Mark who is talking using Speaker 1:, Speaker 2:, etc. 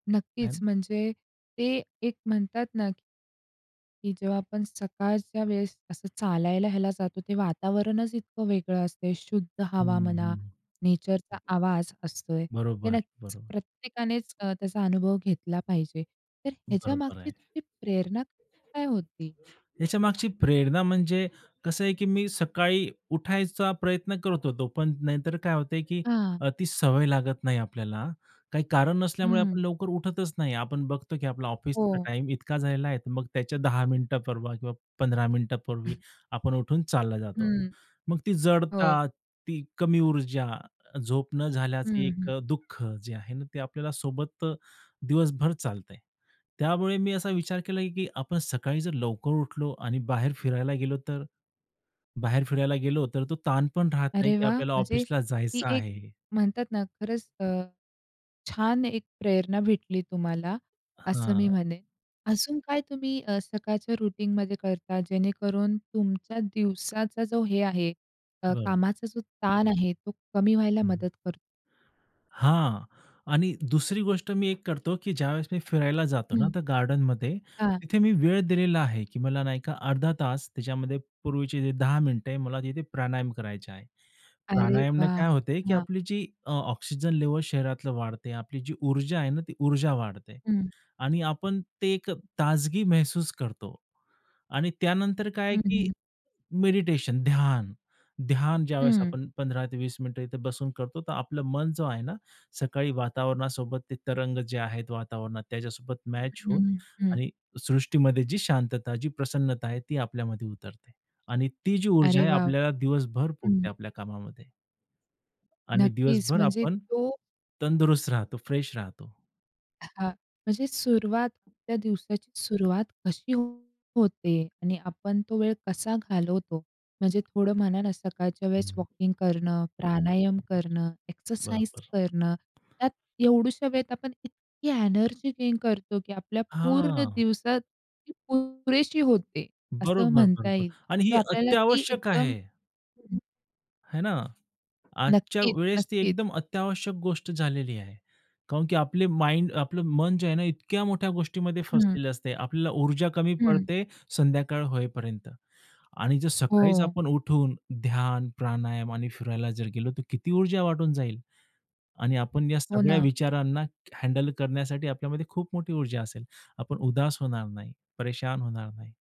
Speaker 1: नक्कीच.
Speaker 2: आणि
Speaker 1: म्हणजे ते एक म्हणतात ना की जेव्हा आपण सकाळच्या वेळेस असं चालायला ह्याला जातो ते वातावरणच इतकं वेगळं असते. शुद्ध
Speaker 2: हं,
Speaker 1: हवा म्हणा,
Speaker 2: हं.
Speaker 1: नेचरचा
Speaker 2: हं.
Speaker 1: आवाज असतोय. ते
Speaker 2: बरोबर,
Speaker 1: नक्कीच
Speaker 2: बरोबर.
Speaker 1: प्रत्येकानेच अ, त्याचा अनुभव घेतला पाहिजे. तर
Speaker 2: बरोबर
Speaker 1: ह्याच्यामागची
Speaker 2: आहे.
Speaker 1: तुमची प्रेरणा काय होती?
Speaker 2: ह्याच्या मागची प्रेरणा म्हणजे कसं आहे की मी सकाळी उठायचा प्रयत्न करत होतो, पण नाहीतर काय होत, की
Speaker 1: हां.
Speaker 2: अ, ती सवय लागत नाही आपल्याला. काही कारण नसल्यामुळे
Speaker 1: हं.
Speaker 2: आपण लवकर उठतच नाही आपण बघतो, की आपला ऑफिसचा
Speaker 1: हो.
Speaker 2: टाईम इतका झालेला आहे, मग त्याच्या 10 मिनिटापर्वी किंवा 15 मिनिटांपूर्वी आपण उठून चालला जातो.
Speaker 1: हं,
Speaker 2: मग ती
Speaker 1: हो.
Speaker 2: जडता, ती कमी ऊर्जा, झोप न
Speaker 1: हं,
Speaker 2: झाल्याचं एक
Speaker 1: हं.
Speaker 2: अ, दुःख, जे आहे ना, ते आपल्याला सोबत दिवसभर चालतंय. त्यामुळे मी असा विचार केला, की आपण सकाळी जर लवकर उठलो आणि बाहेर फिरायला गेलो तर? बाहेर फिरायला गेलो तर तो ताणपण राहत नाही
Speaker 1: अरे
Speaker 2: की
Speaker 1: वाह!
Speaker 2: आपल्याला
Speaker 1: म्हणजे
Speaker 2: ऑफिसला
Speaker 1: ती
Speaker 2: जायचं
Speaker 1: एक
Speaker 2: आहे.
Speaker 1: म्हणतात ना, खरंच अ, छान एक प्रेरणा भेटली तुम्हाला असं मी
Speaker 2: हां.
Speaker 1: म्हणेन. अजून काय तुम्ही अ, सकाळच्या रूटीनमध्ये करता जेणेकरून तुमच्या दिवसाचा जो हे आहे. अ,
Speaker 2: बरो
Speaker 1: कामाचा जो ताण आहे, तो कमी व्हायला
Speaker 2: हं, हं.
Speaker 1: मदत करतो?
Speaker 2: हां. आणि दुसरी गोष्ट मी एक करतो, की ज्यावेळेस मी फिरायला जातो ना,
Speaker 1: हं.
Speaker 2: तर गार्डनमध्ये.
Speaker 1: हां.
Speaker 2: तिथे मी वेळ दिलेला आहे की मला नाही का, अर्धा तास त्याच्यामध्ये पूर्वीचे जे 10 मिनिटं आहे, मला तिथे प्राणायाम करायचा आहे.
Speaker 1: अरे
Speaker 2: प्राणायामाने
Speaker 1: वाह!
Speaker 2: काय होते, की
Speaker 1: हां.
Speaker 2: आपली जी अ, ऑक्सिजन लेव्हल शरीरातले वाढते, आपली जी ऊर्जा आहे ना, ती ऊर्जा वाढते.
Speaker 1: हं.
Speaker 2: आणि आपण ते एक अ, ताजगी महसूस करतो आणि त्यानंतर काय आहे
Speaker 1: हं,
Speaker 2: की
Speaker 1: हं.
Speaker 2: मेडिटेशन, ध्यान. ध्यान ज्यावेळेस
Speaker 1: हं.
Speaker 2: आपण 15-20 मिनिटं इथे बसून करतो तर आपलं मन जो आहे ना सकाळी वातावरणासोबत ते तरंग जे आहे वातावरणात त्याच्यासोबत मॅच
Speaker 1: हं,
Speaker 2: होऊन
Speaker 1: हं, हं.
Speaker 2: आणि सृष्टीमध्ये जी शांतता, जी प्रसन्नता आहे ती आपल्यामध्ये उतरते आणि ती जी ऊर्जा
Speaker 1: अरे
Speaker 2: आहे
Speaker 1: वॉव!
Speaker 2: आपल्याला दिवसभर
Speaker 1: हं.
Speaker 2: पुरते आपल्या कामामध्ये. आणि
Speaker 1: नक्कीच.
Speaker 2: दिवसभर
Speaker 1: म्हणजे
Speaker 2: आपण
Speaker 1: तो
Speaker 2: तंदुरुस्त राहतो, फ्रेश राहतो.
Speaker 1: हां, म्हणजे सुरुवात त्या दिवसाची सुरुवात कशी होते आणि आपण तो वेळ कसा घालवतो, म्हणजे थोडं म्हणा ना, सकाळच्या
Speaker 2: हं,
Speaker 1: वेळेस
Speaker 2: हं.
Speaker 1: वॉकिंग करणं, प्राणायाम
Speaker 2: [unintelligible]
Speaker 1: करणं, एक्सरसाइज
Speaker 2: बरोबर.
Speaker 1: करणं त्यात एवढुशा वेळेत आपण इतकी एनर्जी गेन करतो की, आपल्या पूर्ण
Speaker 2: हां.
Speaker 1: दिवसात ती पुरेशी होते. असं
Speaker 2: बरोबर,
Speaker 1: म्हणता
Speaker 2: बरोबर
Speaker 1: येईल
Speaker 2: आणि हे
Speaker 1: किंवा आपल्याला ती
Speaker 2: अत्यावश्यक
Speaker 1: एकदम
Speaker 2: आहे. हे ना. आजच्या
Speaker 1: नक्कीच,
Speaker 2: वेळेस ती
Speaker 1: नक्कीच.
Speaker 2: एकदम अत्यावश्यक गोष्ट झालेली आहे. कारण की आपलं माइंड आपलं मन जे आहे ना, इतक्या मोठ्या गोष्टीमध्ये
Speaker 1: हं.
Speaker 2: फसलेलं असते, आपल्याला ऊर्जा कमी
Speaker 1: हं.
Speaker 2: पडते संध्याकाळ होईपर्यंत आणि जर सकाळीच
Speaker 1: हो.
Speaker 2: आपण उठून ध्यान, प्राणायाम आणि फिरायला जर गेलो, तर किती ऊर्जा वाटून जाईल. आणि आपण या
Speaker 1: हो
Speaker 2: सगळ्या
Speaker 1: ना.
Speaker 2: विचारांना हँडल करण्यासाठी आपल्यामध्ये खूप मोठी ऊर्जा असेल. आपण उदास होणार नाही, परेशान होणार नाही.